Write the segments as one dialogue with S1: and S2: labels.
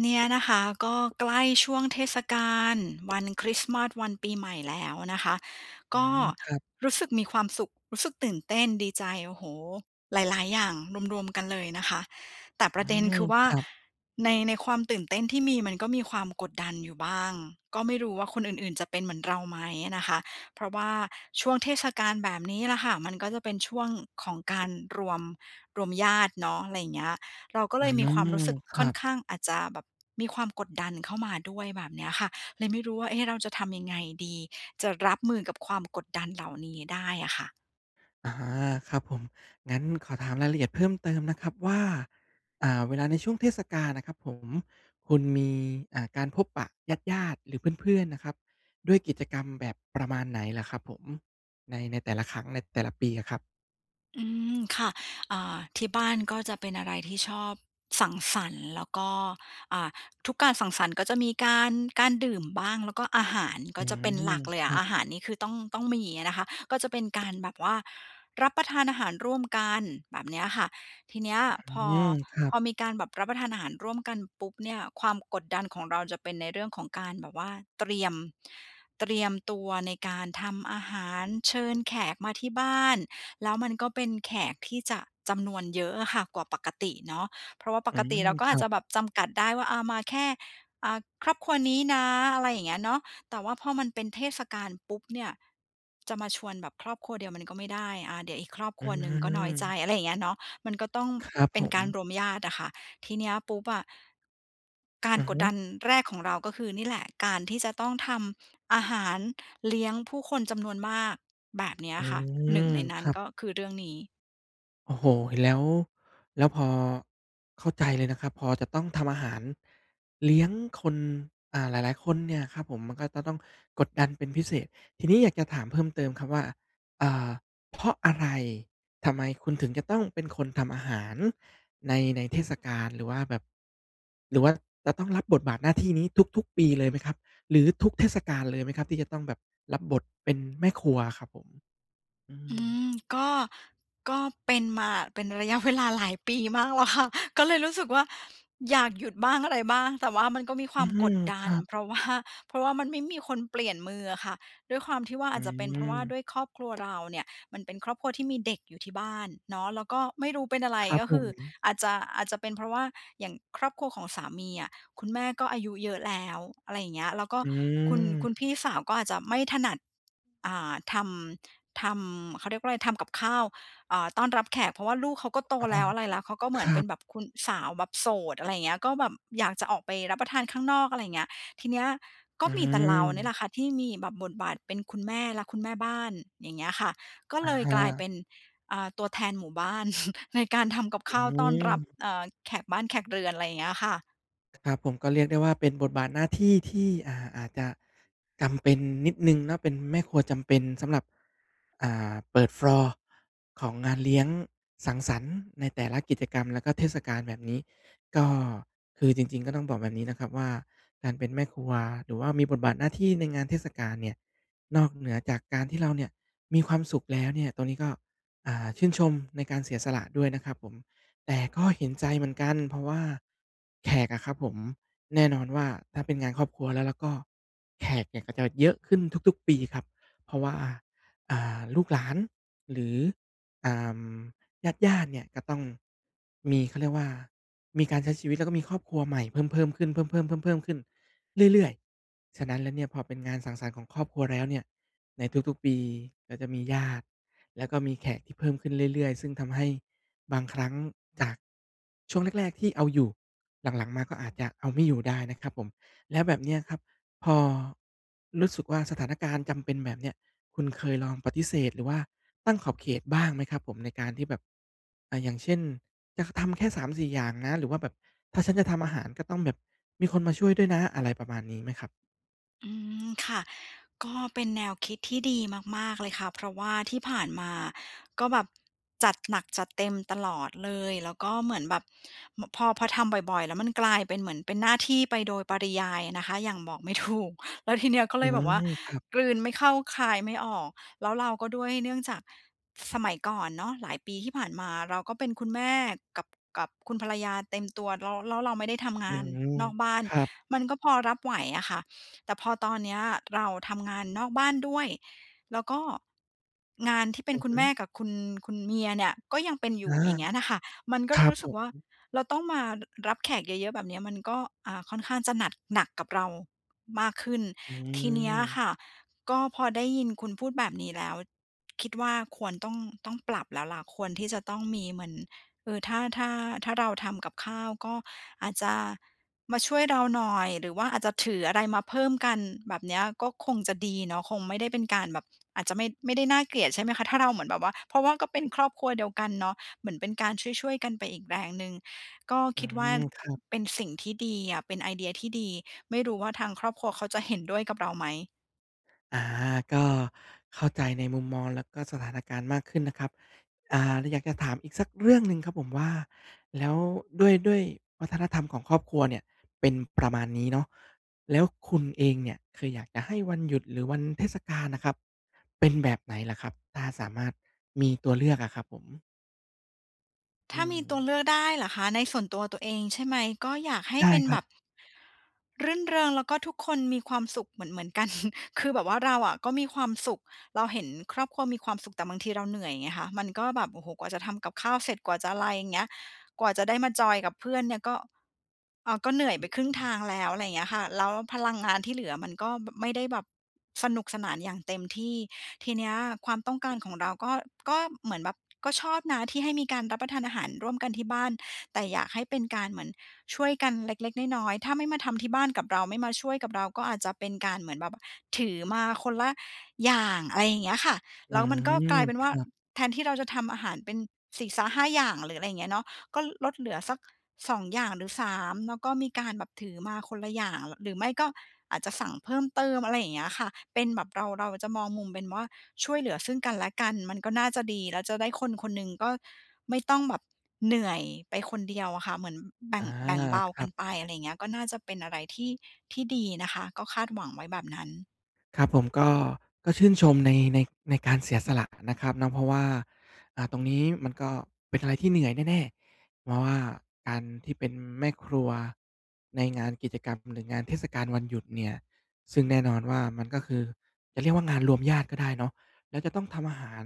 S1: เนี่ยนะคะ ก็ใกล้ช่วงเทศกาลวันคริสต์มาส วันปีใหม่แล้วนะคะ
S2: อ
S1: ก
S2: ื
S1: ็
S2: ม ครับ
S1: รู้สึกมีความสุข รู้สึกตื่นเต้น ดีใจ โอ้โฮ หลาย ๆ อย่างรวม ๆ กันเลยนะคะ แต่ป
S2: อ
S1: ร
S2: ื
S1: ะเด็น
S2: ม
S1: คือว่
S2: ค
S1: า
S2: รับ
S1: ใน ในความตื่นเต้นที่มีมันก็มีความกดดันอยู่บ้าง ก็ไม่รู้ว่าคนอื่น ๆ จะเป็นเหมือนเราไหมนะคะ เพราะว่าช่วงเทศกาลแบบนี้แหละค่ะ มันก็จะเป็นช่วงของการรวม รวมญาติเนาะ อะไรเงี้ย เราก็
S2: อ
S1: เล
S2: ื
S1: ยมีความ
S2: ม
S1: รู้สึก
S2: ค
S1: ค
S2: ร
S1: ่
S2: ั
S1: อน
S2: บ
S1: ข้าง อาจจะแบบมีความกดดันเข้ามาด้วย แบบเนี้ยค่ะ เลยไม่รู้ว่า เอ๊ะ เราจะทำยังไงดี? จะรับมือกับความกดดันเหล่านี้ได้อะค่ะ
S2: อา ครับผม งั้นขอถามรายละเอียดเพิ่มเติมนะครับว่า อ่า เวลาในช่วงเทศกาลน่ะครับผม คุณมี อ่า การพบปะญาติ ๆ หรือเพื่อน ๆ นะครับ ด้วยกิจกรรมแบบประมาณไหนเหรอครับผม? ใน ในแต่ละครั้ง ในแต่ละปีอะครับ
S1: อืม ค่ะ อ่า ที่บ้านก็จะเป็นอะไรที่ชอบสังสรรค์ แล้วก็ อ่า ทุกการสังสรรค์ก็จะมีการ การดื่มบ้าง แล้วก็อาหาร
S2: อ
S1: ก
S2: ื
S1: ็จ
S2: ม
S1: ะเป็นหลักเลย
S2: ค
S1: อะ
S2: รับ
S1: อาหารนี้คือต้อง ต้องมีอะนะคะ ก็จะเป็นการแบบว่ารับประทานอาหารร่วมกัน แบบเนี้ยค่ะ ทีเนี้ย
S2: อ
S1: พอ
S2: ืม ครั
S1: พ
S2: บ
S1: อมีการแบบรับประทานอาหารร่วมกันปุ๊บเนี่ย ความกดดันของเราจะเป็นในเรื่องของการแบบว่าเตรียม เตรียมตัวในการทำอาหาร เชิญแขกมาที่บ้าน แล้วมันก็เป็นแขกที่จะจำนวนเยอะอะค่ะกว่าปกติเนาะ เพราะว่าป
S2: อื
S1: กติเรา
S2: ม
S1: ก็
S2: ค
S1: อ
S2: ร
S1: าจ
S2: ั
S1: จ
S2: บ
S1: ะแบบจำกัดได้ว่า อ่า มาแค่ อ่า ครอบครัวนี้นะ อะไรอย่างเงี้ยเนาะ แต่ว่าพอมันเป็นเทศกาลปุ๊บเนี่ย จะมาชวนแบบครอบครัวเดียวมันก็ไม่ได้ อ่า เดี๋ยวอีกครอบ
S2: อ
S1: ค
S2: ื
S1: รัวหนึ่งก็น้อยใจ
S2: ม
S1: อะไรเงี้ยเนาะ มันก็ต้อง
S2: ครับ
S1: เป
S2: ผ
S1: ็นการ
S2: ม
S1: รวมญาติอะค่ะ ทีเนี้ยปุ๊บอะ กา
S2: อ
S1: ร
S2: ือ
S1: ก
S2: ฮ
S1: ด
S2: ึ
S1: ดันแรกของเราก็คือนี่แหละ การที่จะต้องทำอาหารเลี้ยงผู้คนจำนวนมาก แบบเนี้ย
S2: อื
S1: ค่ะ 1
S2: ม
S1: ในน
S2: ค
S1: ั้น
S2: รั
S1: ก
S2: บ
S1: ็คือเรื่องนี้
S2: โอ้โฮ แล้ว แล้วพอ เข้าใจเลยนะครับ พอจะต้องทำอาหารเลี้ยงคน อ่า หลาย ๆ คนเนี่ยครับผม มันก็จะต้องกดดันเป็นพิเศษ ทีนี้อยากจะถามเพิ่มเติมครับว่า อ่า เพราะอะไร ทำไมคุณถึงจะต้องเป็นคนทำอาหารใน ในเทศกาล หรือว่าแบบ หรือว่าจะต้องรับบทบาทหน้าที่นี้ทุก ๆ ปีเลยไหมครับ หรือทุกเทศกาลเลยไหมครับ ที่จะต้องแบบรับบทเป็นแม่ครัวอะครับผม? อื
S1: อื
S2: ม
S1: ม ก็ ก็เป็นมาเป็นระยะเวลาหลายปีมากแล้วค่ะ ก็เลยรู้สึกว่าอยากหยุดบ้าง อะไรบ้าง แต่ว่ามันก็มีค
S2: อ
S1: ว
S2: ื
S1: ามก
S2: ม
S1: ดด
S2: ค
S1: ั
S2: ร
S1: น
S2: ับ
S1: เพราะ ว่า เพราะว่ามันไม่มีคนเปลี่ยนมืออะค่ะ ด้วยความที่ว่า
S2: อื
S1: อาจจะเป็นเพราะว่า
S2: ม
S1: ด้วยครอบครัวเราเนี่ยมันเป็นครอบครัวที่มีเด็กอยู่ที่บ้านเนาะ แล้วก็ไม่รู้เป็นอะไร
S2: ครับ
S1: ก็
S2: ผ
S1: คือ
S2: ม
S1: อาจจะ อาจจะเป็นเพราะว่าอย่างครอบครัวของสามีอะ คุณแม่ก็อายุเยอะแล้ว อะไรอย่างเงี้ย แล้วก็
S2: อื
S1: คุณ คุณ
S2: ม
S1: พี่สาวก็อาจจะไม่ถนัด อ่า ทำ ทำ เขาเรียกว่าอะไร ทำกับข้าว อ่า ต้อนรับแขก เพราะว่าลูกเขาก็โต
S2: อ๋อ
S1: แล้ว อะไรแล้ว เขาก็เหม
S2: ค
S1: ือน
S2: รั
S1: เป็
S2: บ
S1: นแบบคุณ สาวแบบโสด อะไรอย่างเงี้ย ก็แบบอยากจะออกไปรับประทานข้างนอก อะไรอย่างเงี้ย ทีเนี้ยก็
S2: อื
S1: มีแต่เรานี่แห
S2: ม
S1: ละค่ะที่มีแบบบทบาทเป็นคุณแม่และคุณแม่บ้าน อย่างเงี้ยค่ะ ก็
S2: อะ
S1: เลย
S2: ฮ
S1: กลายเป
S2: ะ
S1: ็น อ่า ตัวแทนหมู่บ้าน ในการทำกับ
S2: อื
S1: ข้าวต้อนรับ
S2: ม
S1: เอ่อ แขกบ้านแขกเรือน อะไรอย่างเงี้ยค่ะ
S2: ครับผม ก็เรียกได้ว่าเป็นบทบาทหน้าที่ที่ อ่า อาจจะจำเป็นนิดหนึ่งเนาะ เป็นแม่ครัวจำเป็นสำหรับ อ่า เปิด ฟลอร์ ของงานเลี้ยงสังสรรค์ในแต่ละกิจกรรม แล้วก็เทศกาลแบบนี้ ก็คือจริง ๆ ก็ต้องบอกแบบนี้นะครับว่า การเป็นแม่ครัว หรือว่ามีบทบาทหน้าที่ในงานเทศกาลเนี่ย นอกเหนือจากการที่เราเนี่ยมีความสุขแล้วเนี่ย ตรงนี้ก็ อ่า ชื่นชมในการเสียสละด้วยนะครับผม แต่ก็เห็นใจเหมือนกัน เพราะว่าแขกอะครับผม แน่นอนว่าถ้าเป็นงานครอบครัวแล้วล่ะก็ แขกเนี่ยก็จะเยอะขึ้นทุก ๆ ปีครับ เพราะว่า อ่า ลูกหลาน หรือ อ่า ญาติ ๆ เนี่ยก็ต้องมี เขาเรียกว่ามีการใช้ชีวิต แล้วก็มีครอบครัวใหม่เพิ่ม ๆ ขึ้น เพิ่ม ๆ ๆ ๆ ขึ้นเรื่อย ๆ ฉะนั้นแล้วเนี่ยพอเป็นงานสังสรรค์ของครอบครัวแล้วเนี่ย ในทุก ๆ ปีก็จะมีญาติ แล้วก็มีแขกที่เพิ่มขึ้นเรื่อย ๆ ซึ่งทำให้บางครั้งจากช่วงแรก ๆ ที่เอาอยู่ หลัง ๆ มาก็อาจจะเอาไม่อยู่ได้นะครับผม แล้วแบบเนี้ยครับ พอรู้สึกว่าสถานการณ์จำเป็นแบบเนี้ย คุณเคยลองปฏิเสธ หรือว่าตั้งขอบเขตบ้างไหมครับผม ในการที่แบบ อา อย่างเช่น อยากทำแค่ 3-4 อย่างนะ หรือว่าแบบถ้าฉันจะทำอาหาร ก็ต้องแบบมีคนมาช่วยด้วยนะ อะไรประมาณนี้ไหมครับ?
S1: อืม ค่ะ ก็เป็นแนวคิดที่ดีมาก ๆ เลยค่ะ เพราะว่าที่ผ่านมาก็แบบจัดหนักจัดเต็มตลอดเลย แล้วก็เหมือนแบบ ม พอ พอทำบ่อย ๆ แล้วมันกลายเป็นเหมือนเป็นหน้าที่ไปโดยปริยายอะนะคะ อย่างบอกไม่ ถูก แล้วทีเนี้ยก็
S2: อ
S1: เล
S2: ื
S1: ยแบบว่า
S2: อ ครับ
S1: กลืนไม่เข้าคายไม่ออก แล้วเราก็ด้วยเนื่องจากสมัยก่อนเนาะ หลายปีที่ผ่านมา เราก็เป็นคุณแม่กับ กับคุณภรรยาเต็มตัว แล้ว-แล้วเราไม่ได้ทำง
S2: อื
S1: าน
S2: ม
S1: นอกบ้าน
S2: ครับ
S1: มันก็พอรับไหวอะค่ะ แต่พอตอนเนี้ยเราทำงานนอกบ้านด้วย แล้วก็งานที่เป็
S2: อื
S1: น
S2: อ
S1: คุ
S2: ฮ
S1: ณแม่
S2: ึ
S1: กับคุณ คุณเมียเนี่ยก็ยังเป็นอย
S2: อ
S1: ู
S2: า
S1: ่ อย่างเงี้ยน่ะค่ะ มันก
S2: ค
S1: ็เ
S2: ร
S1: ล
S2: ั
S1: ย
S2: บ
S1: รู้
S2: ผ
S1: สึกว่า
S2: ม
S1: เราต้องมา ร รับแขกเยอะ ๆ แบบเนี้ย มันก็ อ่า ค่อนข้างจะหนัด หนักกับเรามากขึ้น
S2: อื
S1: ทีเนี้ยค
S2: อ
S1: ่ะ ก็พอได้ยินคุณพูดแบบนี้แล้ว คิดว่าควรต้อง ต้องปรับแล้วแหละ ควรที่จะต้องมีเหมือน เออ ถ้า ถ้า ถ้าเราทำกับข้าว ก็อาจจะมาช่วยเราหน่อย หรือว่าอาจจะถืออะไรมาเพิ่มกัน แบบเนี้ยก็คงจะดีเนาะ คงไม่ได้เป็นการแบบ อาจจะไม่ ไม่ได้น่าเกลียด ใช่ไหมคะ ถ้าเราเหมือนแบบว่า เพราะว่าก็เป็นครอบครัวเดียวกันเนาะ เหมือนเป็นการช่วย ๆ กันไปอีกแรงหนึ่ง ก็
S2: อื
S1: คิดว่า
S2: ม ครับ
S1: เป็นสิ่งที่ดีอะ เป็นไอเดียที่ดี ไม่รู้ว่าทางครอบครัวเขาจะเห็นด้วยกับเราไหม?
S2: อา ก็เข้าใจในมุมมองและสถานการณ์มากขึ้นนะครับ อ่า เลยอยากจะถาม อีกสักเรื่องหนึ่งครับผมว่า แล้วด้วย ด้วยวัฒนธรรมของครอบครัวเนี่ย เป็นประมาณนี้เนาะ แล้วคุณเองเนี่ย เคยอยากจะให้วันหยุด หรือวันเทศกาลน่ะครับ เป็นแบบไหนเหรอครับ? ถ้าสามารถมีตัวเลือกอะครับผม
S1: ถ
S2: อื
S1: ้ามีตัว
S2: ม
S1: เลือกได้เหรอคะ ในส่วนตัวตัวเองใช่ไหม? ก็อยากให
S2: ใ
S1: ้
S2: ช่
S1: เป็น
S2: คร
S1: แ
S2: ั
S1: บ
S2: บ
S1: บ รื่นเริง แล้วก็ทุกคนมีความสุขเหมือน ๆ กัน คือแบบว่าเราอะก็มีความสุข เราเห็นครอบครัวมีความสุข แต่บางทีเราเหนื่อยไงคะ มันก็แบบ โอ้โฮ กว่าจะทำกับข้าวเสร็จ กว่าจะอะไร อย่างเงี้ย กว่าจะได้มาจอยกับเพื่อนเนี่ย ก็ อ่า ก็เหนื่อย
S2: อื
S1: ไป
S2: อ
S1: ครึ่ง
S2: อื
S1: ท
S2: อ
S1: างแล้ว อะไรอย่างเงี้ยค่ะ แล้วพลังงานที่เหลือมันก็ บ ไม่ได้แบบสนุกสนานอย่างเต็มที่ ทีเนี้ย ความต้องการของเรา ก็ ก็เหมือนแบบ ก็ชอบนะ ที่ให้มีการรับประทานอาหารร่วมกันที่บ้าน แต่อยากให้เป็นการเหมือนช่วยกันเล็ก ๆ น้อย ๆ ถ้าไม่มาทำที่บ้านกับเรา ไม่มาช่วยกับเรา ก็อาจจะเป็นการเหมือนแบบถือมาคนละอย่าง อะไรอย่างเงี้ยค่ะ
S2: อื
S1: แล้วมันก็
S2: ม
S1: กลายเป็น
S2: ค
S1: ว่า
S2: รับ
S1: แทนที่เราจะทำอาหารเป็นสี่ซ้าห้าอย่าง หรืออะไรอย่างเงี้ยเนาะ ก็ลดเหลือสัก 2 อย่าง หรือ 3 แล้วก็มีการแบบถือมาคนละอย่าง หรือไม่ก็อาจจะสั่งเพิ่มเติม อะไรอย่างเงี้ยค่ะ เป็นแบบเรา เราจะมองมุมเป็นว่าช่วยเหลือซึ่งกันและกัน มันก็น่าจะดี แล้วจะได้ คนคนหนึ่ง ก็ไม่ต้องแบบเหนื่อยไปคนเดียวอะค่ะ เหมือนแบ
S2: อ
S1: ่
S2: า
S1: ง แบ่งเบา
S2: คร
S1: ก
S2: ั
S1: ัน
S2: บ
S1: ไป อะไรอย่างเงี้ย ก็น่าจะเป็นอะไรที่ ที่ดีนะคะ ก็คาดหวังไว้แบบนั้น
S2: ครับผมก็ ก็ชื่นชมใน ใน ในการเสียสละนะครับเนาะ เพราะว่า อ่า ตรงนี้มันก็เป็นอะไรที่เหนื่อยแน่ ๆ เพราะว่าการที่เป็นแม่ครัวในงานกิจกรรม หรืองานเทศกาลวันหยุดเนี่ย ซึ่งแน่นอนว่ามันก็คือ จะเรียกว่างานรวมญาติก็ได้เนาะ แล้วจะต้องทำอาหาร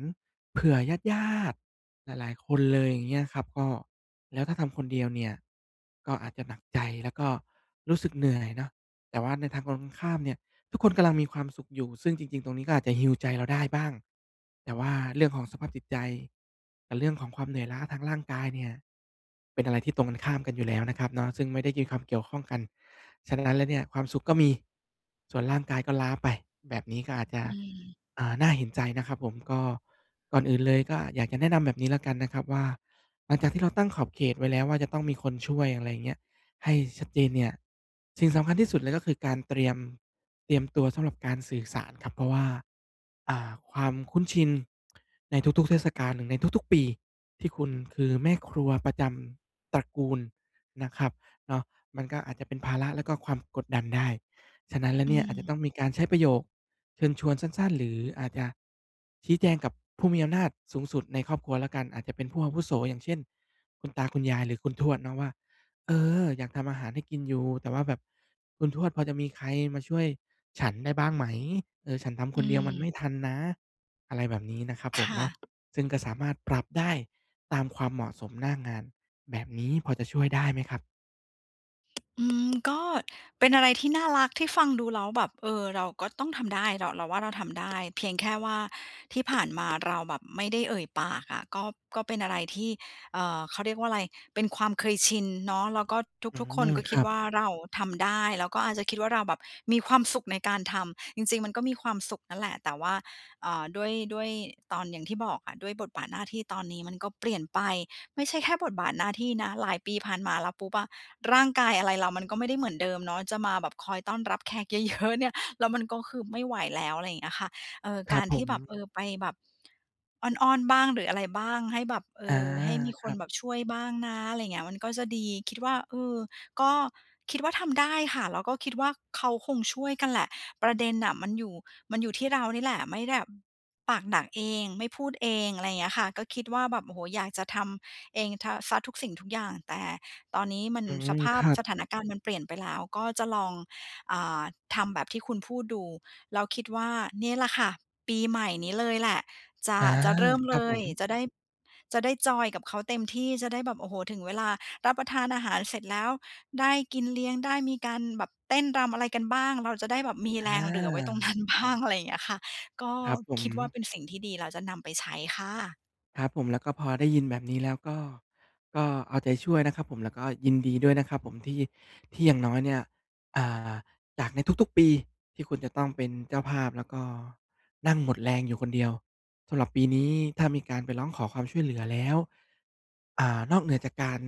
S2: เผื่อญาติ ๆ หลาย ๆ คนเลยอย่างเงี้ยครับ ก็ แล้วถ้าทำคนเดียวเนี่ย ก็อาจจะหนักใจ แล้วก็รู้สึกเหนื่อยเนาะ แต่ว่าในทางตรงข้ามเนี่ย ทุกคนกำลังมีความสุขอยู่ ซึ่งจริง ๆ ตรงนี้ก็อาจจะ Heal ใจเราได้บ้าง แต่ว่าเรื่องของสภาพจิตใจ กับเรื่องของความเหนื่อยล้าทางร่างกายเนี่ย เป็นอะไรที่ตรงกันข้ามกันอยู่แล้วนะครับเนาะ ซึ่งไม่ได้มีความเกี่ยวข้องกัน ฉะนั้นแล้วเนี่ย ความสุขก็มี ส่วนร่างกายก็ล้าไป แบบนี้ก็อาจจะ
S1: อืม
S2: อ่า น่าเห็นใจนะครับผม ก็ก่อนอื่นเลย ก็อยากจะแนะนำแบบนี้แล้วกันนะครับว่า หลังจากที่เราตั้งขอบเขตไว้แล้วว่า จะต้องมีคนช่วย อะไรอย่างเงี้ย ให้ชัดเจนเนี่ย สิ่งสำคัญที่สุดเลย ก็คือการเตรียม เตรียมตัวสำหรับการสื่อสารครับเพราะว่า อ่า ความคุ้นชิน ในทุก ๆ เทศกาลหรือในทุก ๆ ปี ที่คุณคือ แม่ครัวประจำตระกูลนะครับเนาะ มันก็อาจจะเป็นภาระแล้วก็ความกดดันได้ ฉะนั้นแล้ว
S1: อื
S2: เนี่ยอาจจะ
S1: ม
S2: ต้องมีการใช้ประโยคเชิญชวนสั้น ๆ หรืออาจจะชี้แจงกับผู้มีอำนาจสูงสุดในครอบครัวแล้วกัน อาจจะเป็นผู้อาวุโส อย่างเช่น คุณตาคุณยายหรือคุณทวดเนาะว่า "เออ อยากทำอาหารให้กินอยู่ แต่ว่าแบบคุณทวดพอจะมีใครมาช่วยฉันได้บ้างไหม เออ ฉันทำ
S1: อ
S2: ค
S1: ื
S2: นเดียวมันไม
S1: ม
S2: ่ทันนะ" อะไรแบบนี้นะครับ
S1: ค
S2: ผม
S1: ่
S2: เนาะ
S1: ะ
S2: ซึ่งก็สามารถปรับได้ตามความเหมาะสมหน้างาน แบบนี้พอจะช่วยได้ไหมครับ?
S1: อืม ก็เป็นอะไรที่น่ารัก ที่ฟังดูแล้วแบบ เออ เราก็ต้องทำได้ เรา เราว่าเราทำได้ เพียงแค่ว่าที่ผ่านมาเราแบบไม่ได้เอ่ยปากอะ ก็ ก็เป็นอะไรที่ เอ่อ เขาเรียกว่าอะไร เป็นความเคยชินเนาะ แล้วก็
S2: อื
S1: ทุก ๆ คน
S2: ม
S1: ก็
S2: ค
S1: คิ
S2: ร
S1: ด
S2: ับ
S1: ว่าเราทำได้ แล้วก็อาจจะคิดว่าเราแบบมีความสุขในการทำ จริง ๆ มันก็มีความสุขนั่นแหละ แต่ว่า เอ่อ ด้วย ด้วยตอน อย่างที่บอกอะ ด้วยบทบาทหน้าที่ตอนนี้มันก็เปลี่ยนไป ไม่ใช่แค่บทบาทหน้าที่นะ หลายปีผ่านมาแล้วปุ๊บอะ ร่างกายอะไรเรามันก็ไม่ได้เหมือนเดิมเนาะ จะมาแบบคอยต้อนรับแขก เยอะ ๆ เนี่ย แล้วมันก็คือไม่ไหวแล้ว อะไรเงี้ยค่ะ เออ
S2: คร
S1: ก
S2: ั
S1: า
S2: บ
S1: ร
S2: ผ
S1: ที่แบบ
S2: ม
S1: เออ ไปแบบอ้อน ๆ บ้าง หรืออะไรบ้าง ให้แบบ เอ
S2: อา
S1: อ ให้มี
S2: ค
S1: ค
S2: รั
S1: น
S2: บ
S1: แบบช่วยบ้างนะ อะไรเงี้ย มันก็จะดี คิดว่า เออ ก็คิดว่าทำได้ค่ะ แล้วก็คิดว่าเขาคงช่วยกันแหละ ประเด็นน่ะมันอยู่ มันอยู่ที่เรานี่แหละ ไม่ได้แบบ ปากหนักเอง ไม่พูดเอง อะไรเงี้ยค่ะ ก็คิดว่าแบบ โอ้โฮ อยากจะทำเอง ท สักทุกสิ่ง ทุกอย่าง แต่ตอนนี้มัน
S2: อื
S1: ส
S2: ม
S1: ภา
S2: ค
S1: พ
S2: รับ
S1: สถานการณ์มันเปลี่ยนไปแล้ว ก็จะลอง อ่า ทำแบบที่คุณพูดดู แล้วคิดว่าเนี่ยแหละค่ะ ปีใหม่นี้เลยแหละ จะ
S2: อา
S1: จะเริ่ม
S2: คร
S1: เ
S2: ั
S1: ล
S2: บผ
S1: ย
S2: ม
S1: จะได้ จะได้จอยน์กับเขาเต็มที่ จะได้แบบ โอ้โฮ ถึงเวลารับประทานอาหารเสร็จแล้ว ได้กินเลี้ยง ได้มีการแบบเต้นรำอะไรกันบ้าง เราจะได้แบบมี
S2: อ
S1: แรงเหลือไว้ตรง น
S2: า
S1: ั้นบ้าง อะไรอย่างเงี้ยค่ะ ก็
S2: ครับผ
S1: คิดว่า
S2: ม
S1: เป็นสิ่งที่ดีแล้วจะนำไปใช้ค่ะ
S2: ครับผม แล้วก็พอได้ยินแบบนี้แล้ว ก็ ก็เอาใจช่วยนะครับผม แล้วก็ยินดีด้วยนะครับผมที่ ที่อย่างน้อยเนี่ย อ่า จากในทุก ๆ ปี ที่คุณจะต้องเป็นเจ้าภาพ แล้วก็นั่งหมดแรงอยู่คนเดียว สำหรับปีนี้ ถ้ามีการไปร้องขอความช่วยเหลือแล้ว อ่า นอกเหนือจากการ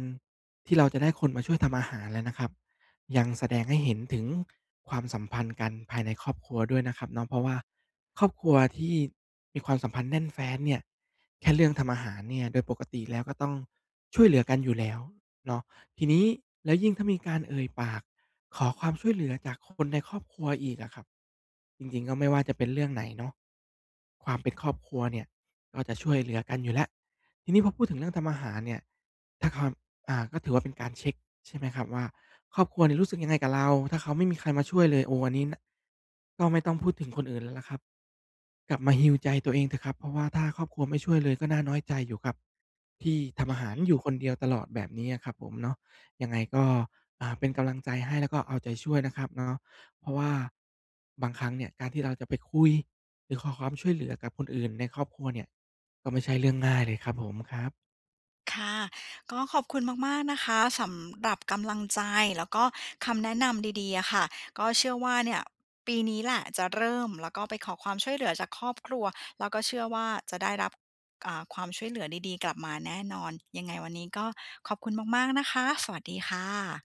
S2: ที่เราจะได้คนมาช่วยทำอาหารแล้วนะครับ ยัง แสดงให้เห็นถึงความสัมพันธ์กันภายใน ครอบครัวด้วยนะครับเนาะ เพราะว่าครอบครัวที่มีความสัมพันธ์แน่นแฟ้นเนี่ย แค่เรื่องทำอาหารเนี่ยโดยปกติแล้วก็ต้องช่วยเหลือกันอยู่แล้วเนาะ ทีนี้แล้วยิ่งถ้ามีการเอ่ยปากขอความช่วยเหลือจากคนในครอบครัวอีกอะครับ จริง ๆ ก็ไม่ว่าจะเป็นเรื่องไหนเนาะ ความเป็นครอบครัวเนี่ยก็จะช่วยเหลือกันอยู่แล้ว ทีนี้พอพูดถึงเรื่องทำอาหารเนี่ย ถ้าความ อ่า ก็ถือว่าเป็นการเช็กใช่ไหมครับว่าครอบครัวเนี่ยรู้สึกยังไงกับเรา ถ้าเขาไม่มีใครมาช่วยเลย โอ้ อันนี้ น ก็ไม่ต้อง พูดถึงคนอื่นแล้วแหละครับ กลับมา Heal ใจตัวเองเถอะครับ เพราะว่าถ้าครอบครัวไม่ช่วยเลยก็น่าน้อยใจอยู่ครับ ที่ทำอ
S1: อ
S2: าหาร
S1: ื
S2: อยู
S1: ม
S2: ่คนเดียวตลอดแบบนี้อะครับผมเนาะ ยังไงก็ อ่า เป็นกำลังใจให้ แล้วก็เอาใจช่วยนะครับเนาะ เพราะว่าบางครั้งเนี่ยการที่เราจะไปคุย หรือขอความช่วยเหลือกับคนอื่นในครอบครัวเนี่ยก็ไม่ใช่เรื่องง่ายเลยครับผม ครับ
S1: ค่ะ ก็ขอบคุณมาก ๆ นะคะ สำหรับกำลังใจ แล้วก็คำแนะนำดี ๆ อะค่ะ ก็เชื่อว่าเนี่ย ปีนี้แหละจะเริ่ม แล้วก็ไปขอความช่วยเหลือจากครอบครัว แล้วก็เชื่อว่าจะได้รับ อ่า ความช่วยเหลือดี ๆ กลับมาแน่นอน ยังไงวันนี้ก็ขอบคุณมาก ๆ นะคะ สวัสดีค่ะ